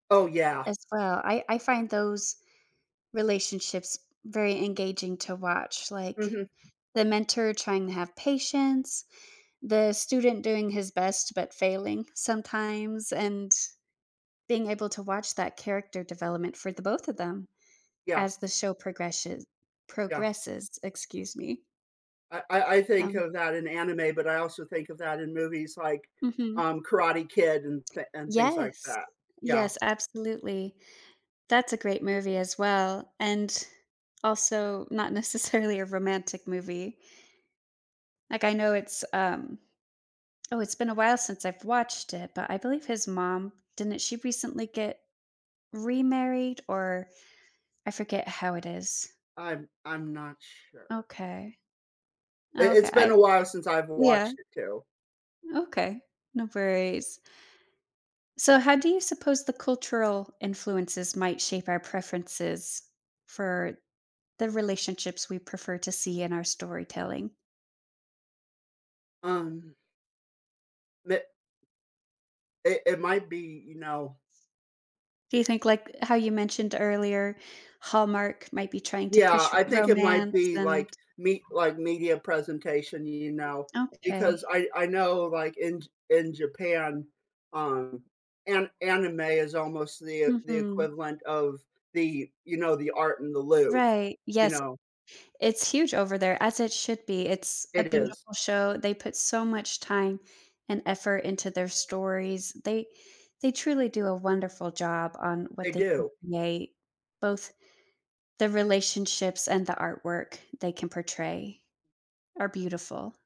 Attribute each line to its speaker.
Speaker 1: Oh yeah.
Speaker 2: As well, I I find those relationships very engaging to watch, like
Speaker 1: Mhm.
Speaker 2: the mentor trying to have patience, the student doing his best, but failing sometimes and being able to watch that character development for the both of them
Speaker 1: Yeah.
Speaker 2: as the show progreshe
Speaker 1: Yeah.
Speaker 2: progresses, excuse me.
Speaker 1: I I I think
Speaker 2: Um.
Speaker 1: of that in anime, but I also think of that in movies like,
Speaker 2: Mhm.
Speaker 1: um, Karate Kid and thi and things like
Speaker 2: Yes,
Speaker 1: that, yeah.
Speaker 2: yes, absolutely. That's a great movie as well and also not necessarily a romantic movie. Like I know it's, um oh, it's been a while since I've watched it, but I believe his mom didn't she recently get remarried? or I forget how it is.
Speaker 1: I'm I'm not sure.
Speaker 2: Okay.
Speaker 1: I
Speaker 2: Okay.
Speaker 1: It's been
Speaker 2: I
Speaker 1: a while since I've
Speaker 2: yeah.
Speaker 1: watched it too.
Speaker 2: Okay, no worries. So how do you suppose the cultural influences might shape our preferences for the relationships we prefer to see in our storytelling?
Speaker 1: Um. Me It it might be, you know
Speaker 2: Do you think like, how you mentioned earlier, Hallmark might be trying to
Speaker 1: Yeah,
Speaker 2: push
Speaker 1: I think it might
Speaker 2: romance
Speaker 1: be like
Speaker 2: and
Speaker 1: me like media presentation, you know, because
Speaker 2: Okay.
Speaker 1: I I know like in in Japan, um, an anime is almost the the
Speaker 2: Mhm.
Speaker 1: equivalent of the, you know, the art in the Louvre,
Speaker 2: Right,
Speaker 1: you
Speaker 2: yes,
Speaker 1: know.
Speaker 2: it's huge over there as it should be, it's a
Speaker 1: It is.
Speaker 2: beautiful show, they put so much time and effort into their stories, they they truly do a wonderful job on
Speaker 1: They
Speaker 2: what they can
Speaker 1: do.
Speaker 2: create, both, the relationships and the artwork they can portray, are beautiful.